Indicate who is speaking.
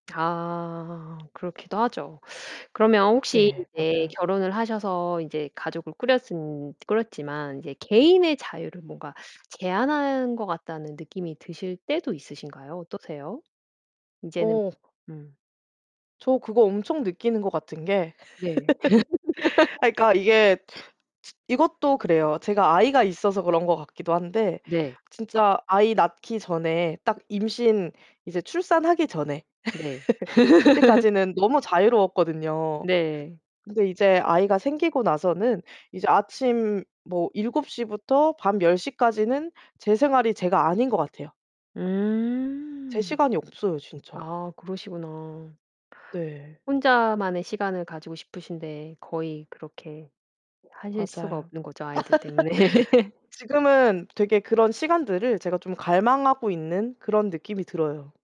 Speaker 1: 아 그렇기도 하죠. 그러면 혹시
Speaker 2: 네
Speaker 1: 인제
Speaker 2: 맞아요.
Speaker 1: 결혼을 하셔서 인제 가족을 꾸렸은 꾸렸지만 인제 개인의 자유를 뭔가 제한한 것 같다는 느낌이 드실 때도 있으신가요? 어떠세요? 인제는
Speaker 2: 어.
Speaker 1: 음.
Speaker 2: 저 그거 엄청 느끼는 것 같은 게
Speaker 1: 네.
Speaker 2: 아 그러니까 이게 츠 이것도 그래요. 제가 아이가 있어서 그런 것 같기도 한데
Speaker 1: 네.
Speaker 2: 진짜 아이 낳기 전에 딱 임신 이제 출산하기 전에
Speaker 1: 네.
Speaker 2: 그때까지는 너무 자유로웠거든요.
Speaker 1: 네.
Speaker 2: 근데 이제 아이가 생기고 나서는 이제 아침 뭐 7:00 부터 밤 10:00 까지는 제 생활이 제가 아닌 것 같아요. 제
Speaker 1: 음.
Speaker 2: 시간이 없어요 진짜.
Speaker 1: 아 그러시구나.
Speaker 2: 네.
Speaker 1: 혼자만의 시간을 가지고 싶으신데 거의 그렇게 하실 수가
Speaker 2: 맞아요.
Speaker 1: 없는 거죠. 아이들 때문에.
Speaker 2: 지금은 되게 그런 시간들을 제가 좀 갈망하고 있는 그런 느낌이 들어요.